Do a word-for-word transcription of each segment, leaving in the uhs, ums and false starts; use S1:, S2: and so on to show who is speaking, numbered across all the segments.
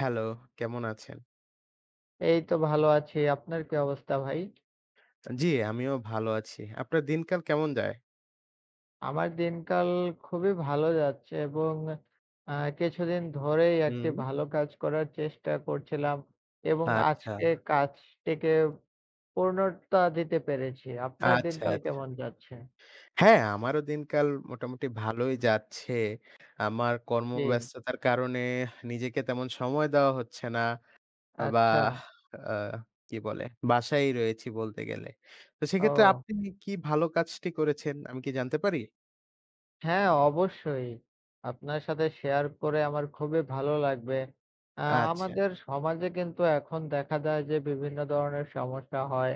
S1: Hello, কেমন আছেন?
S2: এইতো ভালো আছি, আপনার কি অবস্থা ভাই?
S1: জ্বী, আমিও ভালো আছি। আপনার দিন-কাল কেমন যায়?
S2: আমার দিন-কাল খুবই ভালো যাচ্ছে এবং অ্যা কিছুদিন ধরেই একটি
S1: হুম।
S2: ভালো কাজ করার চেষ্টা করছিলাম এবং
S1: আচ্ছা।
S2: আজকে কাজটিকে পূর্ণতা দিতে পেরেছি। আপনার
S1: আচ্ছা,
S2: দিন-কাল
S1: আচ্ছা।
S2: কেমন যাচ্ছে?
S1: হ্যাঁ, আমারও দিন-কাল মোটামুটি ভালোই যাচ্ছে। আমার
S2: জ্বী।
S1: কর্মব্যস্ততার কারণে নিজেকে তেমন সময় দেওয়া হচ্ছে না বা
S2: আচ্ছা।
S1: আ কি বলে, বাসায় রয়েছি বলতে গেলে। তো সেক্ষেত্রে
S2: ও।
S1: আপনি কি ভালো কাজটি করেছেন আমি কি জানতে পারি?
S2: হ্যাঁ, অবশ্যই। আপনার সাথে শেয়ার করে আমার খুবই ভালো লাগবে, আ
S1: আচ্ছা।
S2: আমাদের সমাজে কিন্তু এখন দেখা দেয় যে, বিভিন্ন ধরনের সমস্যা হয়,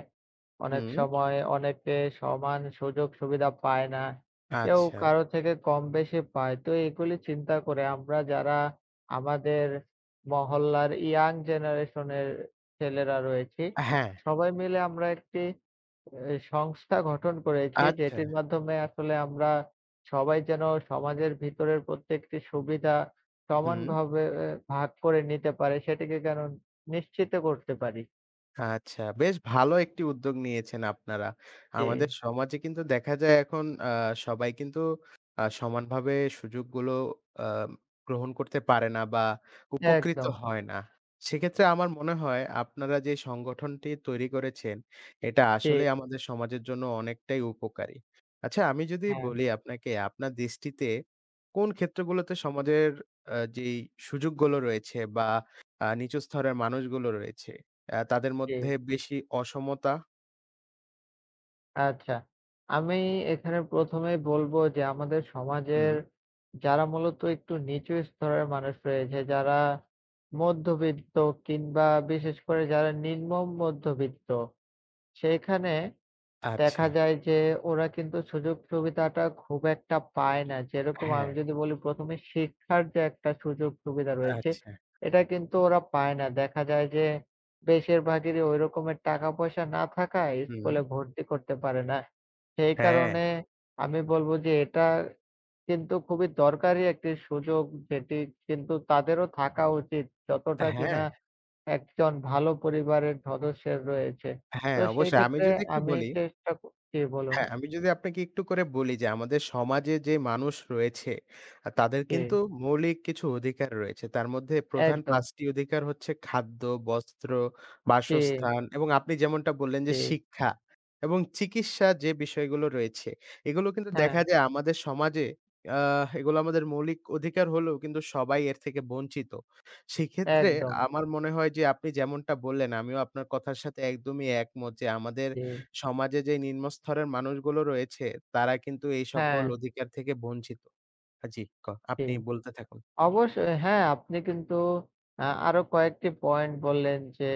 S2: অনেক
S1: হুম।
S2: সময় অনেকে সমান সুযোগ-সুবিধা পায় না, কেউ
S1: আচ্ছা।
S2: কারো থেকে কম-বেশি পায়, তো এগুলি চিন্তা করে আমরা যারা আমাদের মহল্লার ইয়াং জেনারেশনের ছেলেরা রয়েছি,
S1: আ হ্যাঁ।
S2: সবাই মিলে আমরা একটি এ সংস্থা গঠন করেছি,
S1: আচ্ছা।
S2: যেটির মাধ্যমে আসলে আমরা সবাই যেনো সমাজের ভিতরের প্রত্যেকটি সুবিধা
S1: হুম।
S2: সমানভাবে এ ভাগ করে নিতে পারে, সেটিকে কারন নিশ্চিত করতে পারি।
S1: আচ্ছা বেশ ভালো একটি উদ্যোগ নিয়েছেন আপনারা। আমাদের
S2: জি।
S1: সমাজে কিন্তু দেখা যায় এখন আ সবাই কিন্তু আ সমানভাবে সুযোগগুলো আম গ্রহণ করতে পারে না বা উপকৃত
S2: একদম।
S1: হয় না। সেক্ষেত্রে আমার মনে হয় আপনারা যে সংগঠনটি তৈরি করেছেন, এটা
S2: জি।
S1: আসলেই আমাদের সমাজের জন্য অনেকটাই উপকারী। আচ্ছা আমি যদি
S2: হ্যাঁ।
S1: বলি আপনাকে আপনার দৃষ্টিতে কোন ক্ষেত্রগুলোতে সমাজের আ যেই সুযোগগুলো রয়েছে বা আ নিচু স্থরের মানুষগুলো রয়েছে, অ্যা তাদের মধ্যে
S2: জি।
S1: বেশি অসমতা?
S2: আচ্ছা। আমি এখানে প্রথম এই বলবো যে আমাদের সমাজের
S1: হুম।
S2: যারা মূলত একটু নিচু স্তরের মানুষ রয়েছে। যারা মধ্যবিত্ত কিংবা বিশেষ করে যারা নিম্ন মধ্যবিত্ত। সেখানে দেখা
S1: আচ্ছা।
S2: যায় যে ওরা কিন্তু সুযোগ সুবিধাটা খুব একটা পায় না। যেরকম আমি
S1: হ্যাঁ।
S2: যদি বলি প্রথম এ শিক্ষার যে একটা সুযোগ সুবিধা রয়েছে,
S1: আচ্ছা।
S2: এটা কিন্তু ওরা পায় না। দেখা যায় যে বেশির ভাগেরই ওই রকমের টাকা-পয়সা না থাকায়
S1: হুম।
S2: স্কুলে ভর্তি করতে পারে না। সেই
S1: হ্যাঁ।
S2: কারণে আমি বলবো যে এটা কিন্তু খুবই দরকারী একটি সুযোগ। যেটি কিন্তু তাদেরও থাকা উচিত
S1: আ
S2: যতটা
S1: হ্যাঁ।
S2: কিনা একজন ভালো পরিবারের সদস্যের রয়েছে।
S1: অ্যা
S2: তো
S1: হ্যাঁ,
S2: সেই
S1: অবশ্যই। আমি
S2: ক্ষেত্রে
S1: যদি একটু
S2: আমি
S1: বলি
S2: চেষ্টা ক জি, বলুন।
S1: হ্যাঁ, আমি যদি আপনাকে একটু করে বলি, যে আমাদের সমাজে যে মানুষ রয়েছে আ তাদের কিন্তু
S2: জি।
S1: মৌলিক কিছু অধিকার রয়েছে। তার মধ্যে প্রধান
S2: একদম।
S1: পাঁচটি অধিকার হচ্ছে খাদ্য, বস্ত্র,
S2: জি।
S1: বাসস্থান এবং আপনি যেমনটা বললেন যে
S2: জি।
S1: শিক্ষা এবং চিকিৎসা যে বিষয়গুলো রয়েছে। এগুলো কিন্তু দেখা
S2: হ্যাঁ।
S1: যায় আমাদের সমাজে আ এগুলো আমাদের মৌলিক অধিকার হলেও কিন্তু সবাই এর থেকে বঞ্চিত। সেক্ষেত্রে
S2: একদম।
S1: আমার মনে হয়, যে আপনি যেমনটা বললেন আমিও আপনার কথার সাথে একদমই একমত যে আমাদের
S2: জি।
S1: সমাজে যে নিম্নস্তরের মানুষগুলো রয়েছে, তারা কিন্তু এই সকল
S2: হ্যাঁ।
S1: অধিকার থেকে বঞ্চিত হ্যাঁ জি, ক
S2: জি,
S1: আপনি বলতে থাকুন।
S2: অবশ্যই হ্যাঁ। আপনি কিন্তু আ আরো কয়েকটি পয়েন্ট বললেন, যে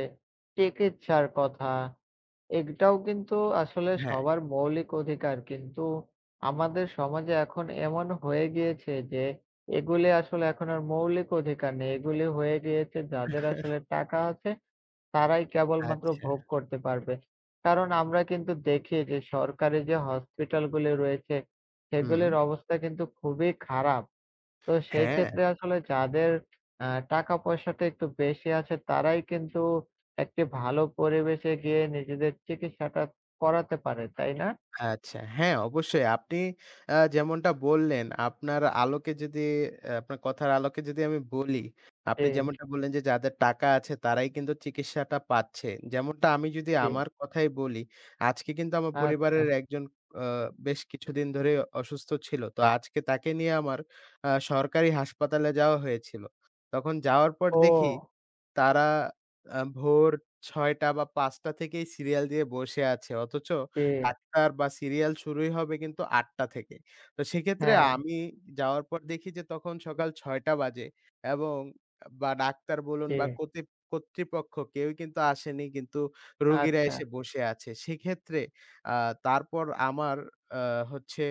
S2: চিকিৎসার কথা। এগটাও কিন্তু আসলে
S1: হ্যাঁ।
S2: সবার মৌলিক অধিকার। কিন্তু আমাদের সমাজে এখন এমন হয়ে গিয়েছে। যে এগুলি আসলে এখন আর মৌলিক অধিকার নেই। এগুলি হয়ে গিয়েছে যাদের আসলে টাকা আছে তারাই কেবলমাত্র
S1: আচ্ছা।
S2: ভোগ করতে পারবে। কারণ আমরা কিন্তু দেখি যে সরকারি যে হসপিটালগুলি রয়েছে,
S1: হুম।
S2: সেগুলির অবস্থা কিন্তু খুবই খারাপ। তো সেই
S1: হ্যাঁ।
S2: ক্ষেত্রে আসলে যাদের আ টাকা-পয়সাটা একটু বেশি আছে। তারাই কিন্তু একটি ভালো পরিবেশে গিয়ে নিজেদের চিকিৎসাটা করাতে পারে। তাই না?
S1: আচ্ছা হ্যাঁ, অবশ্যই। আপনি অ্যা যেমনটা বললেন, আপনার আলোকে যদি অ্যা আপনার কথার আলোকে যদি আমি বলি, আপনি
S2: জি।
S1: যেমনটা বললেন যে যাদের টাকা আছে তারাই কিন্তু চিকিৎসাটা পাচ্ছে। যেমনটা আমি যদি
S2: জি।
S1: আমার কথাই বলি, আজকে কিন্তু আমার
S2: আচ্ছা।
S1: পরিবারের একজন আ বেশ কিছুদিন ধরে অসুস্থ ছিলো। তো আজকে তাকে নিয়ে আমার আ সরকারি হাসপাতালে যাওয়া হয়েছিলো। তখন যাওয়ার পর দেখি
S2: ও।
S1: তারা আ ভোর ছয় টা বা পাঁচ টা থেকেই সিরিয়াল দিয়ে বসে আছে অথচ
S2: জি।
S1: ডাক্তার বা সিরিয়াল শুরুই হবে কিন্তু আট টা থেকে। তো সেক্ষেত্রে
S2: হ্যাঁ।
S1: আমি যাওয়ার পর দেখি যে তখন সকাল ছয় টা বাজে এবং বা ডাক্তার বলুন বা
S2: জি।
S1: কতিত কর্তৃপক্ষ কেউই কিন্তু আসেনি, কিন্তু রোগীরা
S2: আচ্ছা।
S1: এসে বসে আছে। সেক্ষেত্রে আ তারপর আমার আ হচ্ছে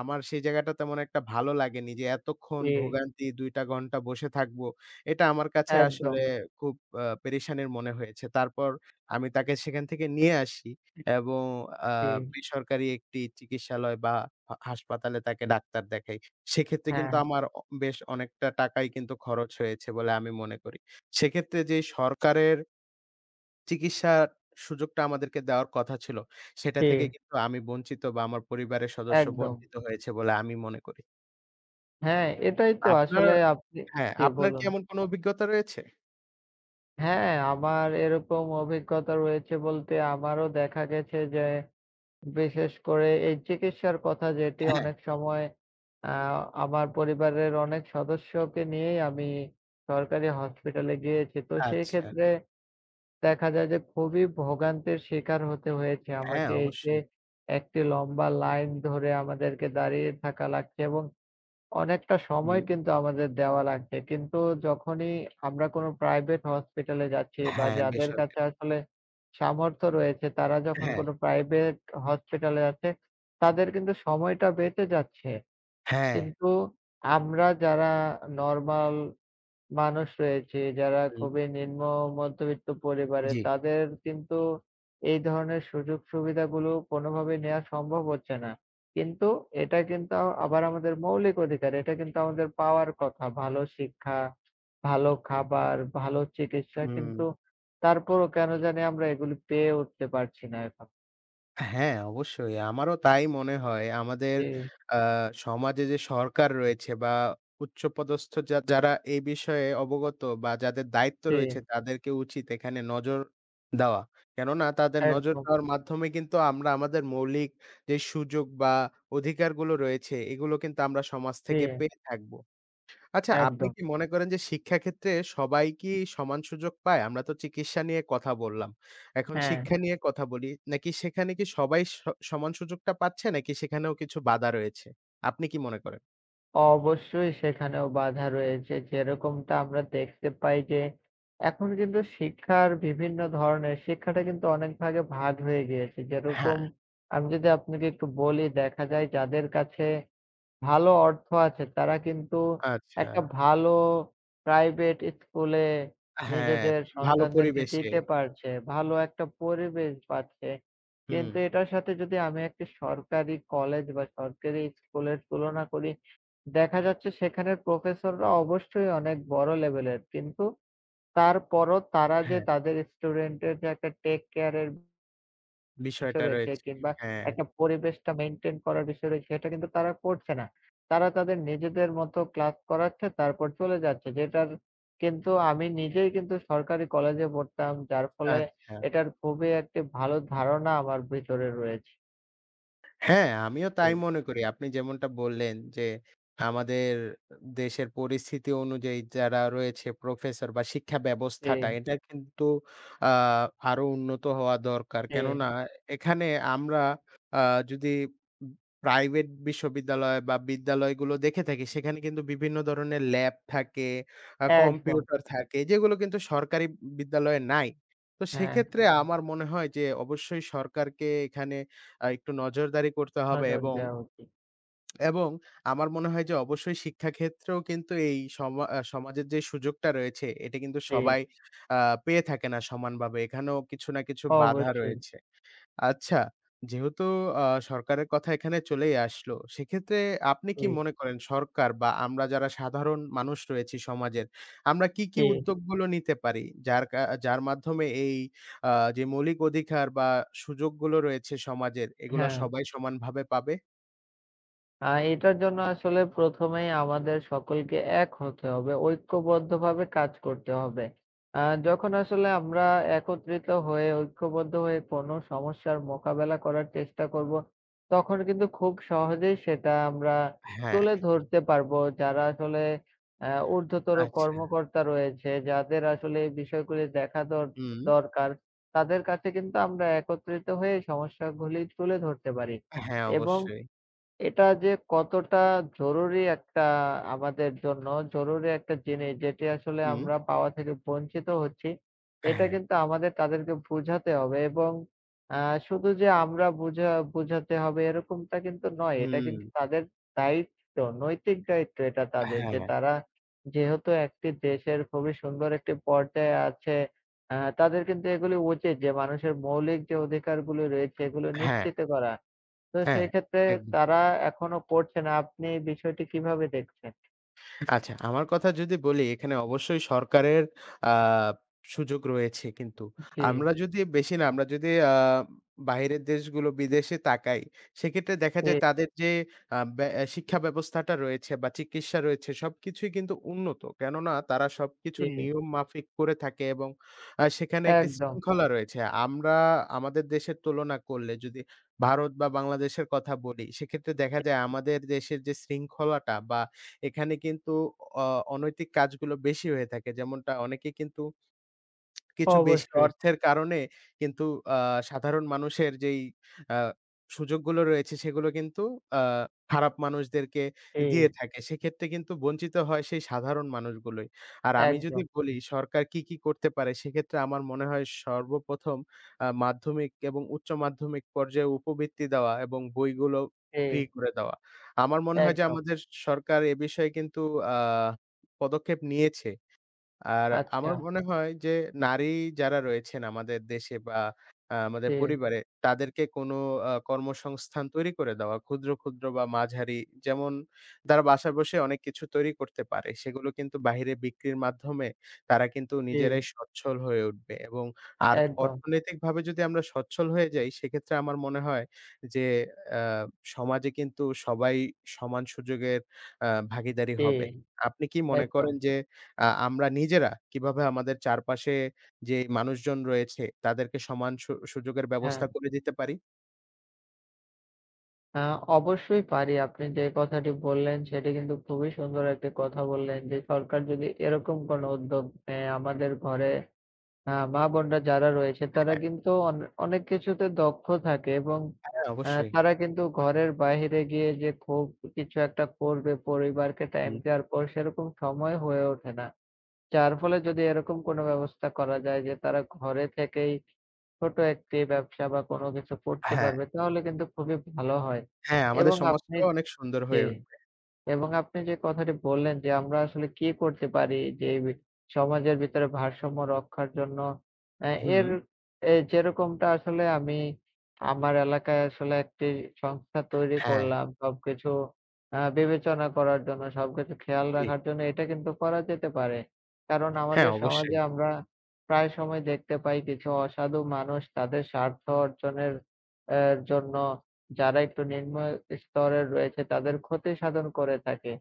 S1: আমার সেই জায়গাটা তেমন একটা ভালো লাগেনি। যে এতক্ষণ
S2: জি।
S1: ভোগান্তি দুই টা ঘন্টা বসে থাকবো। এটা আমার কাছে আসলে
S2: একদম।
S1: খুব আ পেরেশানির মনে হয়েছে। তারপর আমি তাকে সেখান থেকে নিয়ে আসি এবং আ
S2: জি।
S1: বেসরকারি একটি চিকিৎসালয় বা হ হাসপাতালে তাকে ডাক্তার দেখাই। সেক্ষেত্রে কিন্তু
S2: হ্যাঁ।
S1: আমার অ বেশ অনেকটা টাকাই কিন্তু খরচ হয়েছে বলে আমি মনে করি। সেক্ষেত্রে যেই সরকারের চিকিৎসার সুযোগটা আমাদেরকে দেওয়ার কথা ছিলো। সেটা থেকেই
S2: জি।
S1: কিন্তু আমি বঞ্চিত বা আমার পরিবারের সদস্য
S2: একদম।
S1: বঞ্চিত হয়েছে বলে আমি মনে করি।
S2: হ্যাঁ, এটাই তো
S1: আপনার,
S2: আসলে আপনি
S1: হ্যাঁ
S2: জী,
S1: আপনার কি
S2: বলুন।
S1: এমন কোনো অভিজ্ঞতা রয়েছে?
S2: হ্যাঁ, আমার এরকম অভিজ্ঞতা রয়েছে বলতে আমারও দেখা গেছে যে, বিশেষ করে এই চিকিৎসার কথা যেটি
S1: হ্যাঁ।
S2: অনেক সময়, আ আমার পরিবারের অনেক সদস্যকে নিয়েই আমি সরকারি হসপিটালে গিয়েছি। তো সেই
S1: আচ্ছা।
S2: ক্ষেত্রে, দেখা যায় যে খুবই ভোগান্তের শিকার হতে হয়েছে
S1: হ্যাঁ,
S2: আমাকে এই যে,
S1: অবশ্যই।
S2: একটি লম্বা লাইন ধরে আমাদেরকে দাঁড়িয়ে থাকা লাগছে এবং অনেকটা সময়
S1: হুম।
S2: কিন্তু আমাদের দেওয়া লাগছে। কিন্তু যখনই আমরা কোনো প্রাইভেট হসপিটালে যাচ্ছি বা
S1: হ্যাঁ,
S2: যাদের
S1: বেসরকারি।
S2: কাছে আসলে, সামর্থ্য রয়েছে তারা যখন
S1: হ্যাঁ।
S2: কোনো প্রাইভেট হসপিটালে আছে তাদের কিন্তু সময়টা বেঁচে যাচ্ছে।
S1: হ্যাঁ।
S2: কিন্তু, আমরা যারা নরমাল মানুষ রয়েছি যারা
S1: হুম।
S2: খুবই নিম্ন মধ্যবিত্ত পরিবারে
S1: জী।
S2: তাদের কিন্তু, এই ধরনের সুযোগ-সুবিধাগুলো কোনোভাবেই নেয়া সম্ভব হচ্ছে না। কিন্তু, এটা কিন্তু আবার আমাদের মৌলিক অধিকার। এটা কিন্তু আমাদের পাওয়ার কথা। ভালো শিক্ষা, ভালো খাবার, ভালো চিকিৎসা কিন্তু
S1: হুম।
S2: তারপরও কেনো জানি আমরা এগুলো পেয়ে উঠতে পারছি না এখন।
S1: হ্যাঁ, অবশ্যই। আমারও তাই মনে হয় আমাদের
S2: জ্বী।
S1: আ সমাজে যে সরকার রয়েছে বা উচ্চপদস্থ যা যারা এই বিষয়ে অবগত বা যাদের দায়িত্ব রয়েছে।
S2: জ্বী।
S1: তাদেরকে উচিত এখানে নজর দেওয়া, কেননা তাদের নজর
S2: একদম।
S1: দেওয়ার মাধ্যমে কিন্তু আমরা আমাদের মৌলিক যে সুযোগ বা অধিকারগুলো রয়েছে, এগুলো কিন্তু আমরা সমাজ থেকে
S2: জ্বী।
S1: পেয়ে থাকবো। আচ্ছা আপনি
S2: একদম।
S1: কি মনে করেন, যে শিক্ষা ক্ষেত্রে সবাই কি সমান সুযোগ পায়? আমরা তো চিকিৎসা নিয়ে কথা বললাম। এখন
S2: হ্যাঁ।
S1: শিক্ষা নিয়ে কথা বলি, নাকি সেখানে কি সবাই স সমান সুযোগটা পাচ্ছে নাকি সেখানেও কিছু বাধা রয়েছে? আপনি কি মনে করেন?
S2: অবশ্যই, সেখানেও বাধা রয়েছে। যেরকমটা আমরা দেখতে পাই যে এখন কিন্তু শিক্ষার বিভিন্ন ধরনের শিক্ষাটা কিন্তু অনেক ভাগে ভাগ হয়ে গিয়েছে। যেরকম
S1: হ্যাঁ।
S2: আমি যদি আপনাকে একটু বলি, দেখা যায় যাদের কাছে ভালো অর্থ আছে, তারা কিন্তু একটা
S1: আচ্ছা।
S2: ভালো প্রাইভেট স্কুল এ
S1: হ্যাঁ,
S2: নিজেদের
S1: ভালো
S2: সন্তানদেরকে
S1: পরিবেশে।
S2: দিতে পারছে। ভালো একটা পরিবেশ পাচ্ছে। কিন্তু
S1: হুম।
S2: এটার সাথে যদি আমি একটি সরকারি কলেজ বা সরকারি স্কুলের তুলনা করি। দেখা যাচ্ছে সেখানের প্রফেসররা অবশ্যই অনেক বড় লেভেলের। কিন্তু তারপরও তারা যে
S1: হ্যাঁ।
S2: তাদের স্টুডেন্ট এর যে একটা টেক কেয়ার এর
S1: বিষয়টা
S2: বিষয় রয়েছে
S1: রয়েছে,
S2: কিংবা
S1: হ্যাঁ।
S2: একটা পরিবেশটা মেইনটেইন করার বিষয় রয়েছে, সেটা কিন্তু তারা করছে না। তারা তাদের নিজেদের মত ক্লাস করাচ্ছে তারপর চলে যাচ্ছে। যেটার কিন্তু আমি নিজেই কিন্তু সরকারি কলেজে পড়তাম। যার ফলে
S1: আচ্ছা।
S2: এটার খুবই একটি ভালো ধারণা আমার ভিতরে রয়েছে।
S1: হ্যাঁ, আমিও তাই
S2: জি।
S1: মনে করি। আপনি যেমনটা বললেন, যে আমাদের দেশের পরিস্থিতি অনুযায়ী যারা রয়েছে প্রফেসর বা শিক্ষা ব্যবস্থাটা
S2: জি।
S1: এটা কিন্তু আ আরো উন্নত হওয়া দরকার। কেননা
S2: জি।
S1: এখানে আমরা আ যদি প্রাইভেট বিশ্ববিদ্যালয় বা বিদ্যালয়গুলো দেখে থাকি সেখানে কিন্তু বিভিন্ন ধরনের ল্যাব থাকে, আ
S2: একদম।
S1: কম্পিউটার থাকে যেগুলো কিন্তু সরকারি বিদ্যালয়ে নাই। তো
S2: হ্যাঁ।
S1: সেক্ষেত্রে আমার মনে হয় যে অবশ্যই সরকারকে এখানে আ একটু নজরদারি করতে
S2: হ্যাঁ,
S1: হবে
S2: হ্যাঁ
S1: এবং
S2: যাওয়া উচিত।
S1: এবং আমার মনে হয় যে, অবশ্যই শিক্ষাক্ষেত্রেও কিন্তু এই সমা আ সমাজের যেই সুযোগটা রয়েছে, এটা কিন্তু
S2: জি।
S1: সবাই আ পেয়ে থাকে না সমান বাবে। এখানেও কিছু না কিছু বাধা
S2: অবশ্যই।
S1: রয়েছে। আচ্ছা যেহেতু আ সরকারের কথা এখানে চলেই আসলো। সেক্ষেত্রে আপনি কি
S2: জি।
S1: মনে করেন? সরকার বা আমরা যারা সাধারণ মানুষ রয়েছি সমাজের আমরা কী, কী
S2: জি।
S1: উদ্যোগগুলো নিতে পারি। যার কা যার মাধ্যমে এই আ যে মৌলিক অধিকার বা সুযোগগুলো রয়েছে সমাজের এগুলা
S2: হ্যাঁ।
S1: সবাই সমানভাবে পাবে?
S2: আ এটার জন্য আসলে প্রথম, এর আমাদের সকলকে এক হতে হবে। ঐক্যবদ্ধভাবে কাজ করতে হবে। আ যখন আসলে আমরা একত্রিত হয়ে, ঐক্যবদ্ধ হয়ে, কোন সমস্যার মোকাবেলা করার চেষ্টা করব। তখন কিন্তু খুব সহজেই সেটা আমরা
S1: হ্যাঁ।
S2: তুলে ধরতে পারব। যারা আসলে আ উর্ধ্বতর
S1: আচ্ছা।
S2: কর্মকর্তা রয়েছে। যাদের আসলে এই বিষয়গুলি দেখা দর-ট
S1: হুম।
S2: দরকার। তাদের কাছে কিন্তু আমরা একত্রিত হয়ে এই সমস্যা ঘুলি তুলে ধরতে পারি
S1: হ্যাঁ,
S2: এবং
S1: অবশ্যই।
S2: এটা যে কতটা জরুরি, একটা আমাদের জন্য জরুরি একটা জিনিস। যেটি আসলে
S1: হু।
S2: আমরা পাওয়া থেকে বঞ্চিত হচ্ছি। এটা
S1: হ্যাঁ।
S2: কিন্তু আমাদের তাদেরকে বুঝাতে হবে এবং আ শুধু যে আমরা বুঝা বুঝাতে হবে এরকমটা কিন্তু নয়। এটা
S1: হুম।
S2: কিন্তু তাদের দায়িত্ব, নৈতিক দায়িত্ব এটা তাদের। যে
S1: হ্যাঁ।
S2: তারা যেহেতু একটি দেশের খুবই সুন্দর একটি পর্যায়ে আছে। আ তাদের কিন্তু এগুলো উচিত যে মানুষের মৌলিক যে অধিকারগুলো রয়েছে এগুলো
S1: হ্যাঁ।
S2: নিশ্চিত করা। তো
S1: হ্যাঁ,
S2: সেই ক্ষেত্রে
S1: একদম।
S2: তারা এখনো করছে না। আপনি বিষয়টি কিভাবে দেখছেন?
S1: আচ্ছা, আমার কথা যদি বলি এখানে অবশ্যই সরকারের আ সুযোগ রয়েছে কিন্তু।
S2: উ জ্বী।
S1: আমরা যদি বেশি না, আমরা যদি আ বাইরের দেশগুলো, বিদেশে তাকাই, সেক্ষেত্রে দেখা যায়
S2: এ
S1: তাদের যে আ ব্যা এ শিক্ষা ব্যবস্থাটা রয়েছে বা চিকিৎসা রয়েছে, সবকিছুই কিন্তু উন্নত, কেননা তারা সবকিছু
S2: জ্বী।
S1: নিয়ম মাফিক করে থাকে এবং অ্যা সেখানে একটি
S2: একদম।
S1: শৃঙ্খলা রয়েছে। আমরা আমাদের দেশের তুলনা করলে, যদি ভারত বা বাংলাদেশের কথা বলি, সেক্ষেত্রে দেখা
S2: [unintelligible]
S1: যায় আমাদের দেশের যে শৃঙ্খলাটা বা এখানে কিন্তু অ অনৈতিক কাজগুলো বেশি হয়ে থাকে, যেমনটা অনেকে কিন্তু কিছু বেশি
S2: অবশ্যই।
S1: অর্থের কারণে কিন্তু আ সাধারণ মানুষের যেই অ্যা সুযোগগুলো রয়েছে, সেগুলো কিন্তু আ খারাপ মানুষদেরকে দিয়ে
S2: জ্বী।
S1: থাকে, সেক্ষেত্রে কিন্তু বঞ্চিত হয় সেই সাধারণ মানুষগুলোই। আর আমি যদি
S2: একদম।
S1: বলি সরকার কী, কী করতে পারে? সেক্ষেত্রে আমার মনে হয় সর্বপ্রথম আ মাধ্যমিক এবং উচ্চ মাধ্যমিক পর্যায়ে উপবৃত্তি দেওয়া এবং বইগুলো ফ্রি
S2: জ্বী।
S1: করে দেওয়া। আমার মনে হয় যে,
S2: একদম।
S1: আমাদের সরকার এ বিষয়ে কিন্তু আ পদক্ষেপ নিয়েছে। আর আমার
S2: আচ্ছা।
S1: মনে হয় যে, নারী যারা রয়েছেন আমাদের দেশে বা আ আমাদের
S2: জ্বী।
S1: পরিবারে, তাদেরকে কোনো আ কর্মসংস্থান তৈরি করে দেওয়া। ক্ষুদ্র, ক্ষুদ্র বা মাঝারি, যেমন তারা বাসায় বসে অনেক কিছু তৈরি করতে পারে। সেগুলো কিন্তু বাহিরে বিক্রির মাধ্যমে তারা কিন্তু
S2: জ্বী।
S1: নিজেরাই স্বচ্ছল হয়ে উঠবে এবং আর
S2: একদম।
S1: অর্থনৈতিকভাবে যদি আমরা সচ্ছল হয়ে যাই, সেক্ষেত্রে আমার মনে হয় যে অ্যা সমাজে কিন্তু সবাই সমান সুযোগের আ ভাগিদারি
S2: জ্বী,
S1: হবে। আপনি কি মনে
S2: একদম।
S1: করেন যে, আ আমরা নিজেরা কিভাবে আমাদের চারপাশে যে মানুষজন রয়েছে, তাদেরকে সমান সু সুযোগের ব্যবস্থা
S2: হ্যাঁ।
S1: করে দিতে পারি?
S2: আ অবশ্যই পারি। আপনি যে কথাটি বললেন, সেটি কিন্তু খুবই সুন্দর একটি কথা বললেন যে, সরকার যদি এরকম কোনো উদ্যোগ নেয় আমাদের ঘরে আ মা-বোনরা যারা রয়েছে তারা
S1: হ্যাঁ।
S2: কিন্তু অন অনেক কিছুতে দক্ষ থাকে এবং
S1: হ্যাঁ,
S2: অ্যা
S1: অবশ্যই।
S2: তারা কিন্তু ঘরের বাহিরে গিয়ে যে খুব কিছু একটা করবে পরিবারকে টাইম
S1: হুম।
S2: দেওয়ার পর সেরকম সময় হয়ে ওঠে না। যার ফলে, যদি এরকম কোনো ব্যবস্থা করা যায় যে, তারা ঘরে থেকেই ছোট একটি ব্যবসা বা কোনো কিছু করতে
S1: হ্যাঁ।
S2: পারবে তাহলে কিন্তু খুবই ভালো হয়।
S1: হ্যাঁ, আমাদের
S2: এবং আপনি
S1: সমাজটাও অনেক সুন্দর হয়ে
S2: জ্বী।
S1: উঠবে।
S2: এবং আপনি যে কথাটি বললেন যে আমরা আসলে কি করতে পারি যে, বি সমাজের ভিতরে ভারসাম্য রক্ষার জন্য অ্যা এর
S1: হুম।
S2: এ যেরকমটা আসলে আমি আমার এলাকায় আসলে একটি সংস্থা তৈরি
S1: হ্যাঁ।
S2: করলাম। সবকিছু আ বিবেচনা করার জন্য, সবকিছু খেয়াল
S1: জি।
S2: রাখার জন্য এটা কিন্তু করা যেতে পারে। কারণ
S1: হ্যাঁ,
S2: আমাদের সমাজে
S1: অবশ্যই।
S2: আমরা প্রায় সময় দেখতে পাই কিছু অসাধু মানুষ তাদের স্বার্থ অর্জনের অ্যা জন্য যারা একটু নিম্ন স্তরে রয়েছে তাদের ক্ষতি সাধন করে থাকে।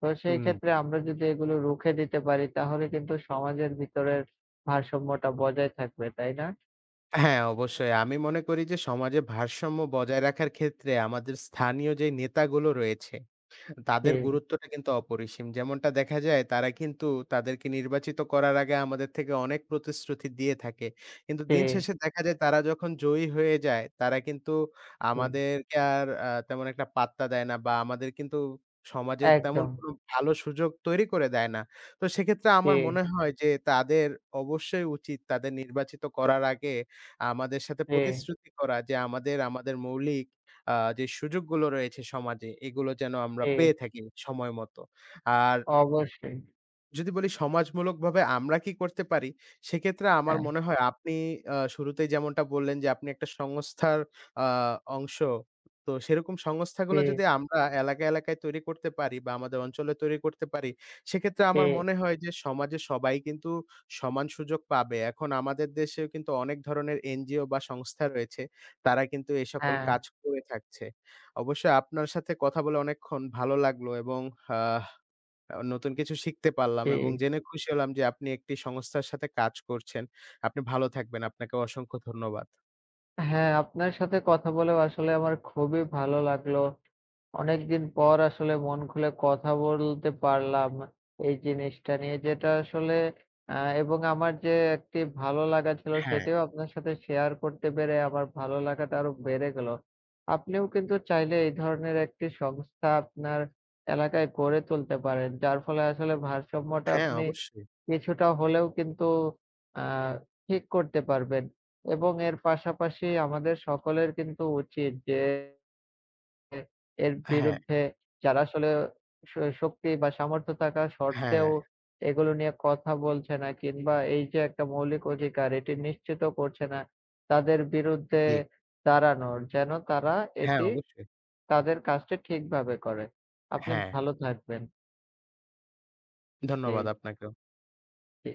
S2: তো সেই
S1: হুম।
S2: ক্ষেত্রে আমরা যদি এগুলো রুখে দিতে পারি তাহলে কিন্তু সমাজের ভিতরের ভারসাম্যটা বজায় থাকবে। তাই না?
S1: হ্যাঁ, অবশ্যই আমি মনে করি যে, সমাজে ভারসাম্য বজায় রাখার ক্ষেত্রে আমাদের স্থানীয় যে নেতাগুলো রয়েছে তাদের
S2: ফি
S1: গুরুত্বটা কিন্তু অপরিসীম। যেমনটা দেখা যায় তারা কিন্তু তাদেরকে নির্বাচিত করার আগে আমাদের থেকে অনেক প্রতিশ্রুতি দিয়ে থাকে কিন্তু দিন
S2: ফি
S1: শেষে দেখা যায় তারা যখন জয়ী হয়ে যায় তারা কিন্তু
S2: ফি
S1: আমাদেরকে কে আর আ তেমন একটা পাত্তা দেয় না বা আমাদের কিন্তু সমাজের তেমন
S2: একদম।
S1: কোন ভালো সুযোগ তৈরি করে দেয় না। তো সেক্ষেত্রে আমার
S2: জি।
S1: মনে হয় যে তাদের অবশ্যই উচিত তাদের নির্বাচিত করার আগে আমাদের সাথে
S2: ফি
S1: প্রতিশ্রুতি করা যে আমাদের, আমাদের মৌলিক আ যে সুযোগগুলো রয়েছে সমাজে এগুলো যেন আমরা পেয়ে
S2: ফি
S1: থাকি সময় মতো। আর
S2: অবশ্যই।
S1: যদি বলি সমাজমূলকভাবে আমরা কি করতে পারি সেক্ষেত্রে আমার
S2: হ্যাঁ।
S1: মনে হয় আপনি আ শুরুতেই যেমনটা বললেন যে, আপনি একটা সংস্থার আ অংশ। তো সেরকম সংস্থাগুলো যদি
S2: ফি
S1: আমরা এলাকায়, এলাকায় তৈরি করতে পারি বা আমাদের অঞ্চলে তৈরি করতে পারি সেক্ষেত্রে আমার
S2: ফি
S1: মনে হয় যে সমাজে সবাই কিন্তু সমান সুযোগ পাবে। এখন আমাদের দেশেও কিন্তু অনেক ধরনের এনজিও বা সংস্থা রয়েছে তারা কিন্তু এ সকল
S2: হ্যাঁ।
S1: কাজ করে থাকছে। অবশ্যই আপনার সাথে কথা বলে অনেকক্ষণ ভালো লাগলো এবং অ্যা আবার নতুন কিছু শিখতে পারলাম এবং
S2: ফি
S1: জেনে খুশি হলাম যে আপনি একটি সংস্থার সাথে কাজ করছেন। আপনি ভালো থাকবেন আপনাকেও অসংখ্য ধন্যবাদ।
S2: হ্যাঁ, আপনার সাথে কথা বলেও আসলে আমার খুবই ভালো লাগলো। অনেকদিন পর আসলে মন খুলে কথা বলতে পারলাম এই জিনিসটা নিয়ে যেটা আসলে অ্যা এবং আমার যে একটি ভালো লাগা ছিল
S1: হ্যাঁ।
S2: সেটিও আপনার সাথে শেয়ার করতে পেরে আমার ভালো লাগাটা আরো বেড়ে গেল। আপনিও কিন্তু চাইলে এই ধরনের একটি সংস্থা আপনার এলাকায় গড়ে তুলতে পারেন। যার ফলে আসলে ভারসাম্যটা
S1: হ্যাঁ,
S2: আপনি
S1: অবশ্যই।
S2: কিছুটা হলেও কিন্তু অ্যা ঠিক করতে পারবেন এবং এর পাশাপাশি আমাদের সকলের কিন্তু উচিত যে [unintelligible] এর
S1: হ্যাঁ।
S2: বিরুদ্ধে যারা আসলেও শ শক্তি বা সামর্থ্য থাকা
S1: হ্যাঁ।
S2: শর্তেও এগুলো নিয়ে কথা বলছে না কিংবা এই যে একটা মৌলিক অধিকার এটি নিশ্চিত করছে না তাদের বিরুদ্ধে
S1: জি।
S2: দাঁড়ানোর যেন তারা
S1: হ্যাঁ,
S2: এটি
S1: অবশ্যই।
S2: তাদের কাজটি ঠিকভাবে করে। আপনি
S1: হ্যাঁ।
S2: ভালো থাকবেন।
S1: ধন্যবাদ
S2: জী।
S1: আপনাকেও।
S2: ঠি